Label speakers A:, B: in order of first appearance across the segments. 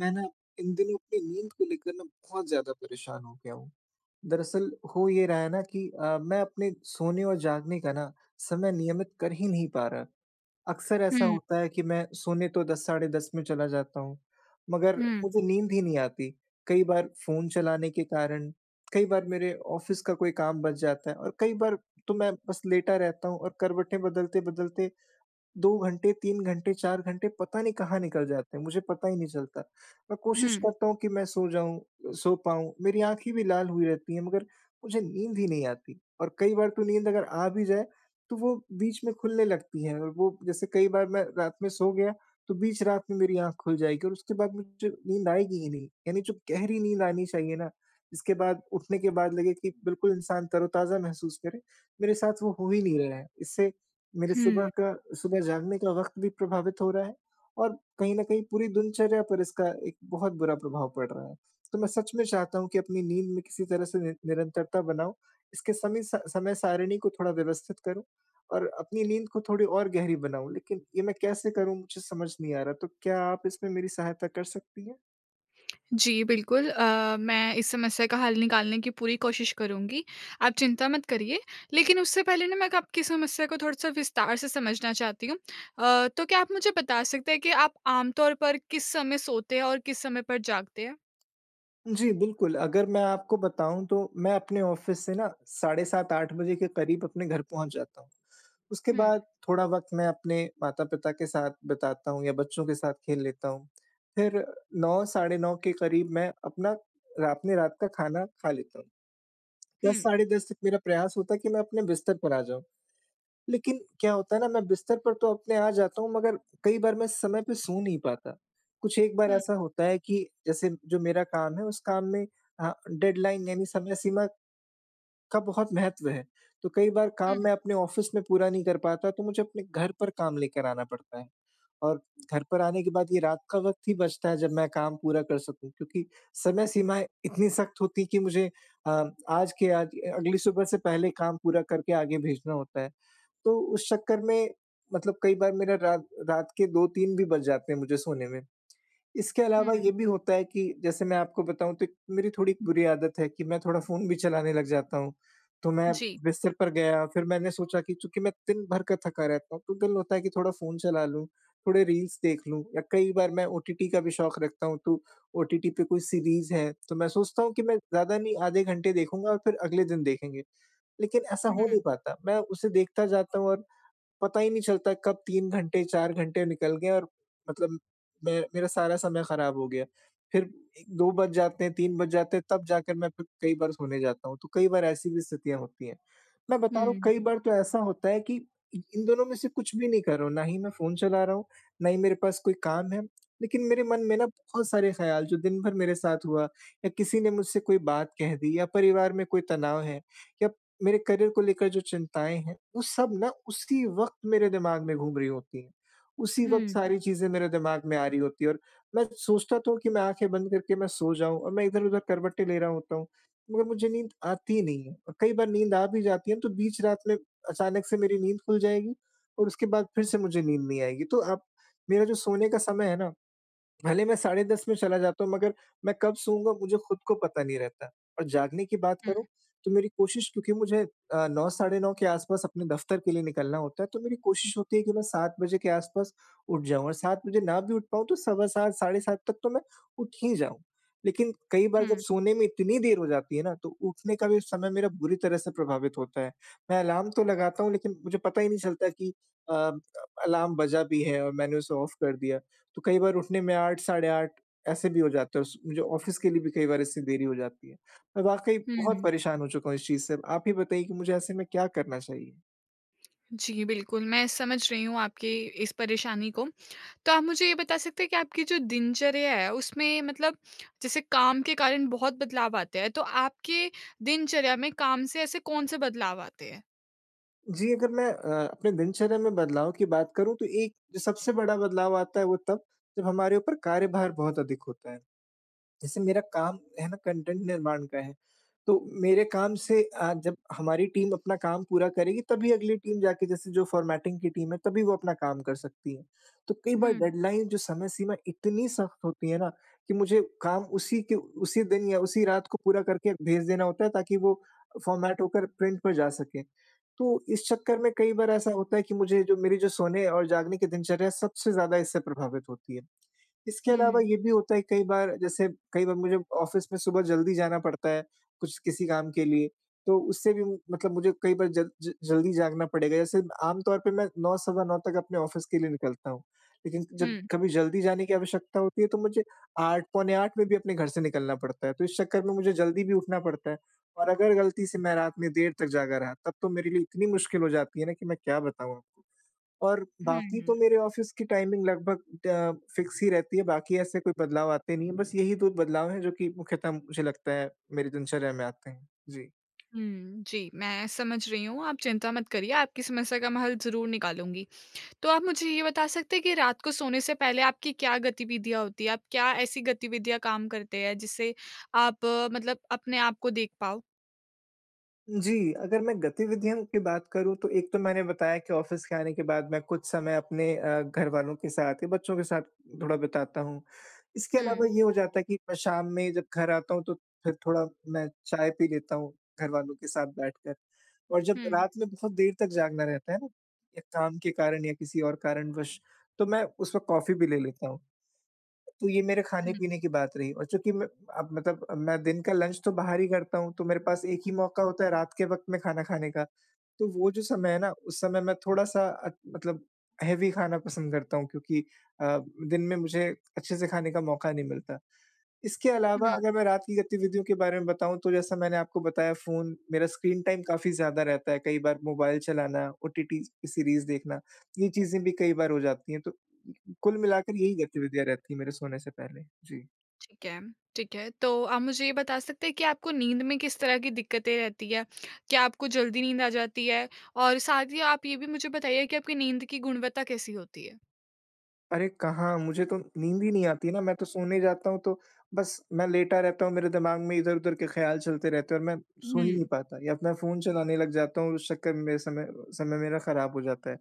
A: मैं ना इन दिनों अपनी नींद को लेकर ना बहुत ज़्यादा परेशान हो गया हूँ। दरअसल हो ये रहा है ना कि अ, मैं अपने सोने और जागने का ना समय नियमित कर ही नहीं पा रहा। अक्सर ऐसा
B: हुँ।
A: होता है कि मैं सोने तो 10 साढ़े 10 में चला जाता हूँ मगर
B: हुँ।
A: मुझे नींद ही नहीं आती। कई बार फ़ोन चलाने के कारण, कई बार मेरे ऑफ़िस का कोई काम बच जाता है और कई बार तो मैं बस लेटा रहता हूँ और करवटें बदलते-बदलते 2 घंटे, 3 घंटे, 4 घंटे पता नहीं कहाँ निकल जाते हैं मुझे पता ही नहीं चलता। मैं कोशिश
B: हुँ।
A: करता हूँ कि मैं सो जाऊँ अ, सो पाऊँ मेरी आँखें भी लाल हुई रहती हैं मगर मुझे नींद ही नहीं आती। और कई बार तो नींद अगर आ भी जाए तो वो बीच में खुलने लगती है और वो जैसे कई बार मैं रात में सो गया तो बीच रात में मेरी आँख खुल जाएगी और उसके बाद मुझे नींद आएगी ही नहीं। यानी जो गहरी नींद आनी चाहिए ना इसके बाद उठने के बाद लगे कि बिल्कुल इंसान तरोताज़ा महसूस करे मेरे साथ वो हो ही नहीं रहा है। इससे मेरे सुबह
B: हुँ।
A: का सुबह जागने का वक़्त भी प्रभावित हो रहा है और कहीं न कहीं पूरी दिनचर्या पर इसका एक बहुत बुरा प्रभाव पड़ रहा है। तो मैं सच में चाहता हूँ कि अपनी नींद में किसी तरह से निर निरंतरता बनाऊँ, इसके समी स समय-सारिणी को थोड़ा व्यवस्थित करूँ और अपनी नींद को थोड़ी और गहरी बनाऊँ। लेकिन ये मैं कैसे करूँ मुझे समझ नहीं आ रहा तो क्या आप इसमें मेरी सहायता कर सकती हैं?
B: जी बिल्कुल अ, मैं इस समस्या का हल निकालने की पूरी कोशिश करुँगी। आप चिंता मत करिए, लेकिन उससे पहले ना मैं क आपकी समस्या को थोड़ा सा विस्तार से समझना चाहती हूँ। अ, तो क्या आप मुझे बता सकते हैं कि आप आमतौर पर किस समय सोते हैं और किस समय पर जागते हैं?
A: जी बिल्कुल, अगर मैं आपको बताऊँ तो मैं अपने ऑफ़िस से ना साढ़े 7 8 बजे के क़रीब अपने घर पहुँच जाता हूँ, उसके
B: हुँ।
A: बाद थोड़ा वक़्त मैं अपने माता-पिता के साथ बिताता हूँ या बच्चों के साथ खेल लेता हूँ फिर 9 साढ़े 9 के क़रीब मैं अपना रात में रात का खाना खा लेता हूँ। 10
B: हुँ।
A: साढ़े 10 बजे तक मेरा प्रयास होता है कि मैं अपने बिस्तर पर आ जाऊँ। लेकिन क्या होता है ना मैं बिस्तर पर तो अपने आ जाता हूँ मगर कई बार मैं समय पे सो नहीं पाता। कुछ एक बार
B: हुँ।
A: ऐसा होता है कि, जैसे जो मेरा काम है उस काम में अ, डेडलाइन यानी समय सीमा, का बहुत महत्व है, तो कई बार काम
B: हुँ।
A: मैं अपने ऑफ़िस में पूरा नहीं कर पाता, तो मुझे अपने घर पर काम लेकर आना पड़ता है और घर पर आने के बाद ये रात का वक़्त ही बचता है जब मैं काम पूरा कर सकूँ क्योंकि समय सीमाएँ इतनी सख़्त होती है कि मुझे अ, आज के आज अगली सुबह से पहले काम पूरा करके आगे भेजना होता है। तो उस चक्कर में मतलब कई बार मेरा रात रात के 2-3 भी बज जाते हैं मुझे सोने में। इसके अलावा ये
B: हुँ।
A: भी होता है कि जैसे मैं आपको बताऊँ तो एक मेरी थोड़ी बुरी आदत है कि मैं थोड़ा फ़ोन भी चलाने लग जाता हूँ तो मैं
B: जी।
A: बिस्तर पर गया फिर मैंने सोचा कि चूँकि मैं दिन भर का थका रहता हूँ तो दिल होता है कि थोड़ा फ़ोन चला लूँ, थोड़े रील्स देख लूँ या कई बार मैं ओटीटी का भी शौक़ रखता हूँ, तो ओटीटी पे कोई सीरीज़ है, तो मैं सोचता हूँ कि मैं ज़्यादा नहीं आधे घंटे देखूँगा और फिर अगले दिन देखेंगे, लेकिन ऐसा हो
B: हुँ।
A: नहीं पाता मैं उसे देखता जाता हूँ और पता ही नहीं चलता कब 3 घंटे 4 घंटे निकल गए और मतलब मैं मेरा सारा समय ख़राब हो गया। फिर ए 2 बज जाते हैं, 3 बज जाते हैं तब जाकर मैं फिर कई बार सोने जाता हूँ, तो कई बार ऐसी भी स्थितियाँ होती हैं। मैं बता रहा हूँ कई
B: हुँ।
A: बार तो ऐसा होता है कि, इ इन दोनों में से कुछ भी नहीं कर रहा हूँ, ना ही मैं फ़ोन चला रहा हूँ, ना ही मेरे पास कोई काम है लेकिन मेरे मन में ना बहुत सारे ख़्याल जो दिन भर मेरे साथ हुआ या किसी ने मुझसे कोई बात कह दी या परिवार में कोई तनाव है या मेरे करियर को लेकर जो चिंताएँ हैं, वो सब ना उसी वक़्त मेरे दिमाग़ में घूम रही होती हैं, उसी वक़्त
B: हुँ।
A: सारी चीज़ें मेरे दिमाग़ में आ रही होती है और मैं सोचता तो हूँ कि मैं आँखें बंद करके मैं सो जाऊँ और मैं इधर-उधर करवटें ले रहा होता हूँ, मगर मुझे नींद आती ही नहीं है और कई बार नींद आ भी जाती है, तो बीच रात में अचानक से मेरी नींद खुल जाएगी और उसके बाद फिर से मुझे नींद नहीं आएगी। तो आप मेरा जो सोने का समय है ना, भले मैं साढ़े 10 में चला जाता हूँ मगर मैं कब सोऊँगा? मुझे खुद को पता नहीं रहता और जागने की बात
B: हुँ।
A: करूँ तो मेरी कोशिश क्योंकि मुझे अ, 9 साढ़े 9 के आस-पास अपने दफ़्तर के लिए निकलना होता है, तो मेरी कोशिश होती है कि मैं 7 बजे के आस-पास उठ जाऊँ और 7 बजे ना भी उठ पाऊँ, तो सवा 7 साढ़े 7 तक तो मैं उठ ही जाऊँ लेकिन कई बार जब
B: हुँ।
A: सोने में इतनी देर हो जाती है ना, तो उठने का भी समय मेरा बुरी तरह से प्रभावित होता है। मैं अलार्म तो लगाता हूँ, लेकिन मुझे पता ही नहीं चलता कि अ, अलार्म बजा भी है और मैंने उसे ऑफ़ कर दिया। तो कई बार उठने में 8 साढ़े 8 ऐसे भी हो जाता है उस मुझे ऑफ़िस के लिए भी कई बार ऐसी देरी हो जाती है। मैं वाक़ई बहुत
B: हुँ।
A: परेशान हो चुका हूँ इस चीज़ से, आप ही बताइए कि मुझे ऐसे में क्या करना चाहिए?
B: जी, बिल्कुल मैं समझ रही हूँ आपके इस परेशानी को। तो आप मुझे ये बता सकते हैं कि आपकी जो दिनचर्या है उसमें मतलब जैसे काम के कारण बहुत बदलाव आते हैं। तो आपके दिनचर्या में काम से ऐसे कौन-से बदलाव आते हैं?
A: जी, अगर मैं अ, अपने दिनचर्या में बदलाव की बात करूँ तो एक सबसे बड़ा बदलाव आता है वो तब जब हमारे ऊपर कार्यभार बहुत अधिक होता है। जैसे मेरा काम है ना कंटेंट निर्माण का है। तो मेरे काम से अ, जब हमारी टीम अपना काम पूरा करेगी तभी अगली टीम जाके जैसे जो फ़ॉर्मेटिंग की टीम है तभी वो अपना काम कर सकती है। तो कई बार
B: हुँ।
A: डेडलाइन जो समय सीमा इतनी सख्त होती है ना कि मुझे काम उसी के उसी दिन या उसी रात को पूरा करके भेज देना होता है ताकि वो फ़ॉर्मेट होकर प्रिंट पे जा सके। तो इस चक्कर में कई बार ऐसा होता है कि मुझे जो मेरी जो सोने और जागने की दिनचर्या सबसे ज़्यादा इससे प्रभावित होती है। इसके अलावा
B: हुँ।
A: ये भी होता है कई बार जैसे कई बार मुझे ऑफ़िस में सुबह जल्दी जाना पड़ता है, कुछ किसी काम के लिए तो उससे भी मतलब मुझे कई बार ज ज जल्दी जागना पड़ेगा। ऐसे आमतौर पे मैं 9 सवा 9 तक अपने ऑफ़िस के लिए निकलता हूँ। लेकिन जब
B: हुँ।
A: कभी जल्दी जाने की आवश्यकता होती है तो मुझे 8 पौने 8 में भी अपने घर से निकलना पड़ता है। तो इस चक्कर में मुझे जल्दी भी उठना पड़ता है। और अगर गलती से मैं रात में देर तक जागा रहा तब तो मेरे लिए इतनी मुश्किल हो जाती है ना कि मैं क्या बताऊँ आपको। और बाकी तो
B: हुँ।
A: मेरे ऑफ़िस की टाइमिंग लगभग ट फ़िक्स ही रहती है, बाकी ऐसे कोई बदलाव आते नहीं है। बस यही 2 बदलाव है जो कि मुख्यतः मुझे लगता है मेरी दिनचर्या में आते हैं। जी।
B: हुँ, जी। मैं समझ रही हूँ, आप चिंता मत करिए, आपकी समस्या का मैं हल ज़रूर निकालूँगी। तो आप मुझे ये बता सकते हैं कि रात को सोने से पहले आपकी क्या गतिविधियाँ होती है? आप क्या ऐसी गतिविधि या काम करते हैं जिससे आप मतलब अपने आपको देख पाओ?
A: जी। अगर मैं गतिविधियों की बात करूँ, तो एक तो मैंने बताया कि ऑफ़िस के आने के बाद मैं कुछ समय अपने अ, घरवालों के साथ या बच्चों के साथ थोड़ा बिताता हूँ। इसके अलावा
B: हुँ।
A: ये हो जाता है कि मैं शाम में जब घर आता हूँ तो फ़िर थोड़ा मैं चाय पी लेता हूँ घर वालों के साथ बैठकर। और जब
B: हुँ।
A: रात में बहुत देर तक जागना रहता है ना ये काम के कारण या किसी और कारणवश तो मैं उस वक़्त कॉफ़ी भी ले लेता हूँ। तो ये मेरे
B: हुँ।
A: खाने-पीने की बात रही और चूँकि मैं अ, मतलब मैं दिन का लंच तो बाहर ही करता हूँ। तो मेरे पास एक ही मौका होता है रात के वक़्त में खाना खाने का। तो वो जो समय है ना उस समय मैं थोड़ा-सा अ, मतलब हेवी खाना पसंद करता हूँ। क्योंकि अ, दिन में मुझे अच्छे से खाने का मौका नहीं मिलता। इसके अलावा
B: हुँ।
A: अगर मैं रात की गतिविधियों के बारे में बताऊँ तो जैसा मैंने आपको बताया फ़ोन मेरा स्क्रीन टाइम काफ़ी ज़्यादा रहता है। कई बार मोबाइल चलाना ओटीटी की सीरीज़ देखना। ये चीज़ें भी कई बार हो जाती हैं। तो कु कुल मिलाकर यही गतिविधियाँ रहती हैं मेरे सोने से पहले। जी।
B: ठीक है। ठीक है, तो आप मुझे ये बता सकते हैं कि आपको नींद में किस तरह की दिक्कतें रहती हैं? क्या आपको जल्दी नींद आ जाती है और साथ ही आप ये भी मुझे बताइए कि आपकी नींद की गुणवत्ता कैसी होती है?
A: अरे! कहाँ मुझे तो नींद ही नहीं आती ना, मैं तो सोने जाता हूँ तो बस मैं लेटा रहता हूँ, मेरे दिमाग़ में इधर-उधर के ख़्याल चलते रहते हैं और मैं सो ही नहीं
B: हुँ।
A: पाता या त मैं फ़ोन चलाने लग जाता हूँ, उस चक्कर में मेरा समय समय मेरा खराब हो जाता है।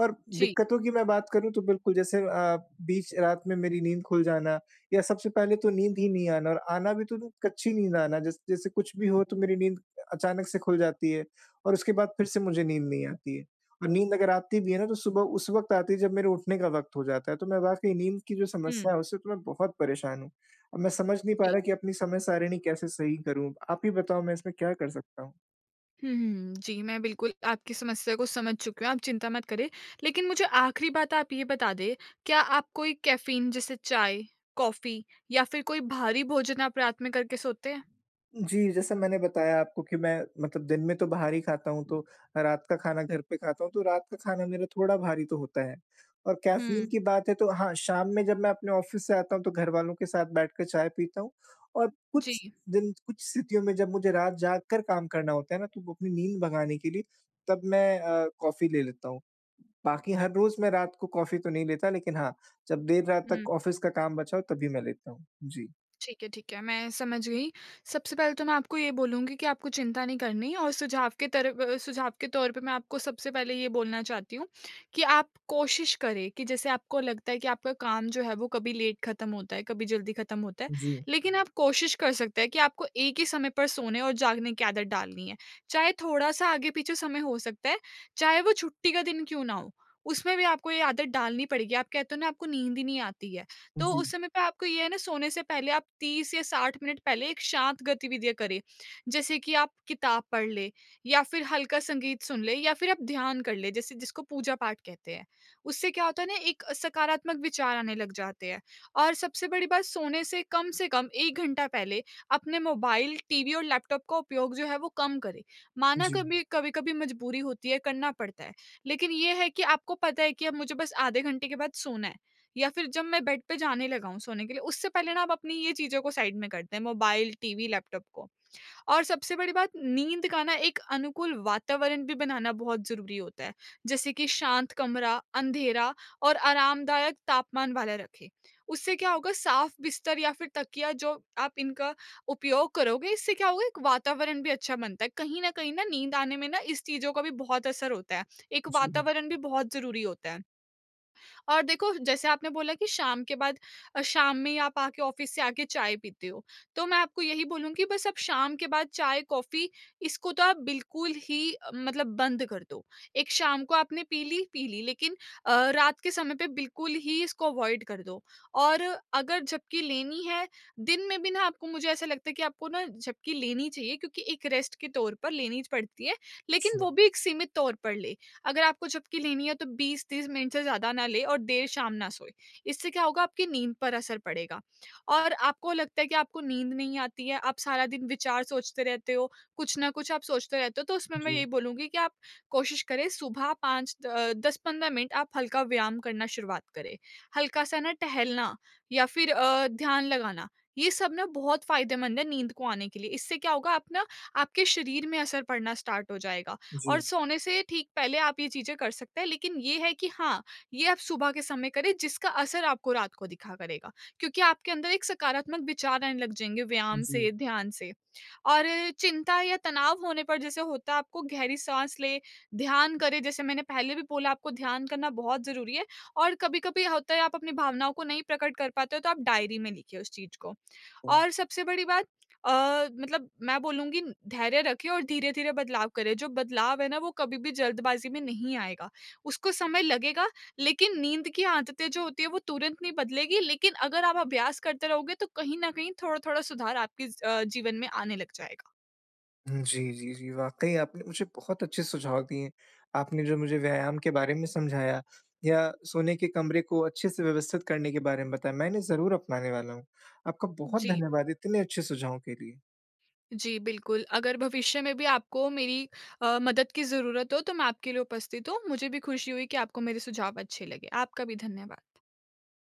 A: और
B: जी।
A: दिक्कतों की मैं बात करूँ तो बिल्कुल जैसे अ, बीच रात में मेरी नींद खुल जाना या सबसे पहले तो नींद ही नहीं आना और आना भी तो तो कच्ची नींद आना, जस जैसे कुछ भी हो तो मेरी नींद अ, अचानक से खुल जाती है और उसके बाद फिर से मुझे नींद नहीं आती है। और नींद अगर आती भी है ना तो सुबह उस वक़्त आती है, जब मेरे उठने का वक़्त हो जाता है, तो मैं वाक़ई नींद की जो
B: हुँ।
A: समस्या है उससे तो मैं बहुत परेशान हूँ। अब मैं समझ नहीं पा
B: जी।
A: रहा कि अपनी समय सारिणी कैसे सही करूँ, आप ही बताओ मैं इसमें क्या कर सकता हूँ?
B: हुँ, हुँ। जी, मैं बिल्कुल आपकी समस्या को समझ चुका, आप चिंता मत करें। लेकिन मुझे आख़िरी बात आप ये बता दें, क्या आप कोई कैफ़ीन जैसे चाय, कॉफ़ी या फिर कोई भारी भोजन आप रात में करके सोते हैं?
A: जी, जैसा मैंने बताया आपको कि मैं मतलब दिन में तो बाहर ही खाता हूँ, तो मैं रात का खाना घर पे खाता हूँ, तो रात का खाना मेरा थोड़ा भारी तो होता है। और कैफ़ीन
B: हुँ।
A: की बात है तो हाँ, शाम में जब मैं अपने ऑफिस से आता हूँ तो घर वालों के साथ बैठ के चाय पीता हूँ, और कुछ
B: जी।
A: दिन कुछ स्थितियों में जब मुझे रात जाग कर काम करना होता है ना, तो वो अपनी नींद भगाने के लिए तब मैं अ, कॉफी ले लेता हूँ। बाकी हर रोज़ मैं रात को कॉफ़ी तो नहीं लेता लेकिन हाँ, जब देर रात
B: हुँ।
A: तक ऑफिस का काम बचा हो तभी मैं लेता हूँ। जी।
B: ठीक है, ठीक है, मैं समझ गई। सबसे पहले तो मैं आपको ये बोलूँगी कि आपको चिंता नहीं करनी और सुझाव के तर अ, सुझाव के तौर पे मैं आपको सबसे पहले ये बोलना चाहती हूँ, कि आप कोशिश करें कि जैसे आपको लगता है कि आपका काम जो है, वो कभी लेट खत्म होता है, कभी जल्दी खत्म होता है,
A: जी।
B: लेकिन आप कोशिश कर सकते हैं कि आपको एक ही समय पर सोने और जागने की आदत डालनी है। चाहे थोड़ा-सा आगे-पीछे समय हो सकता है, चाहे वो छुट्टी का दिन क्यों ना हो, उसमें भी आपको ये आदत डालनी पड़ेगी, आप कहते हो ना आपको नींद ही नहीं आती है, तो
A: जी।
B: उस समय पे आपको ये है ना सोने से पहले आप 30 या 60 मिनट पहले एक शाँत गतिविधियाँ करें। जैसे कि आप किताब पढ़ लें या फिर हल्का संगीत सुन लें या फिर आप ध्यान कर ले, जैसे जिसको पूजा-पाठ कहते हैं। उससे क्या होता है ना एक सकारात्मक विचार आने लग जाते हैं, और सबसे बड़ी बात सोने से कम से कम 1 घंटा पहले अपने मोबाइल, टीवी और लैपटॉप को उपयोग जो है वो कम करें। माना
A: जी।
B: कभी कभी-कभी मज़बूरी होती है, करना पड़ता है, लेकिन ये है कि आपको पता है कि अब मुझे बस आधे घंटे के बाद सोना है या फिर जब मैं बेड पे जाने लगा हूँ सोने के लिए, उससे पहले ना आप अपनी ये चीज़ों को साइड में कर दें मोबाइल, टीवी, लैपटॉप को। और सबसे बड़ी बात नींद का ना एक अनुकूल वातावरण भी बनाना बहुत ज़रूरी होता है, जैसे कि शांत कमरा, अँधेरा और आरामदायक तापमान वाला रखें। उससे क्या होगा साफ़ बिस्तर या फिर तकिया जो आप इनका उपयोग करोगे इससे क्या होगा एक वातावरण भी अच्छा बनता है, कहीं न कहीं ना नींद आने में ना इस चीज़ों का भी बहुत असर होता है, एक
A: जी।
B: वातावरण भी बहुत ज़रूरी होता है। और देखो, जैसे आपने बोला कि शाम के बाद अ, शाम में ही आप आके ऑफिस से आके चाय पीते हो, तो मैं आपको यही बोलूँगी बस आप शाम के बाद चाय, कॉफ़ी इसको तो आप बिल्कुल ही अ, मतलब बंद कर दो। एक शाम को आपने पी ली, पी ली लेकिन अ, रात के समय पे बिल्कुल ही इसको अवॉइड कर दो। और अगर झपक़ी लेनी है दिन में भी ना आपको मुझे ऐसा लगता है कि आपको ना झपक़ी लेनी चाहिए, क्योंकि एक रेस्ट के तौर पर लेनी च पड़ती है, लेकिन वो
A: अच्छा।
B: भी एक सीमित तौर पर ले। अगर आपको झपक़ी की लेनी है तो, 20-30 मिनट से ज़्यादा ना ले और देर शाम ना सोए, इससे क्या होगा आपकी नींद पर असर पड़ेगा। और आपको लगता है कि आपको नींद नहीं आती है, आप सारा दिन विचार सोचते रहते हो, कुछ ना कुछ आप सोचते रहते हो, तो उसमें मैं
A: जी।
B: यही बोलूँगी कि आप कोशिश करें सुबह 5 द अ, 10-15 मिनट आप हल्का व्यायाम करना शुरुआत करें। हल्का-सा ना टहलना या फिर अ, ध्यान लगाना, ये सब ना बहुत फ़ायदेमंद है, नींद को आने के लिए। इससे क्या होगा आप ना आपके शरीर में असर पड़ना स्टार्ट हो जाएगा और
A: जी।
B: सोने से ठीक पहले आप ये चीज़ें कर सकते हैं, लेकिन ये है कि हाँ, ये आप सुबह के समय करें जिसका असर आपको रात को दिखा करेगा। क्योंकि आपके अंदर एक सकारात्मक विचार आने लग जाएँगे व्यायाम
A: जी।
B: से, ध्यान से, और चिंता या तनाव होने पर जैसे होता आपको गहरी साँस लें, ध्यान करें जैसे मैंने पहले भी बोला आपको ध्यान करना बहुत ज़रूरी है और कभी-कभी होता है, आप अपनी भावनाओं को नहीं प्रकट कर पाते हो, तो आप डायरी में लिखिए उस चीज़ को।
A: ओह!
B: और सबसे बड़ी बात अ, मतलब मैं बोलूँगी धैर्य रखें और धीरे-धीरे बदलाव करें, जो बदलाव है ना वो कभी भी जल्दबाज़ी में नहीं आएगा, उसको समय लगेग। लेकिन नींद की आदतें जो होती हैं वो तुरंत नहीं बदलेगी लेकिन अगर आप अभ्यास करते रहोगे, तो कहीं न कहीं थोड़ा-थोड़ा सुधार आपके ज अ, जीवन में आने लग जाएगा।
A: हुँ, जी, जी, जी। वाक़ई आपने मुझे बहुत अच्छे सुझाव दिए, आपने जो मुझे व्यायाम के बारे में समझाया या सोने के कमरे को अच्छे से व्यवस्थित करने के बारे में बताया, मैं इन्हें ज़रूर अपनाने वाला हूँ। आपका बहुत
B: जी।
A: धन्यवाद इतने अच्छे सुझावों के लिए।
B: जी, बिल्कुल, अगर भविष्य में भी आपको मेरी अ, मदद की ज़रूरत हो तो मैं आपके लिए उपस्थित हूँ। मुझे भी खुशी हुई कि आपको मेरे सुझाव अच्छे लगे, आपका भी धन्यवाद।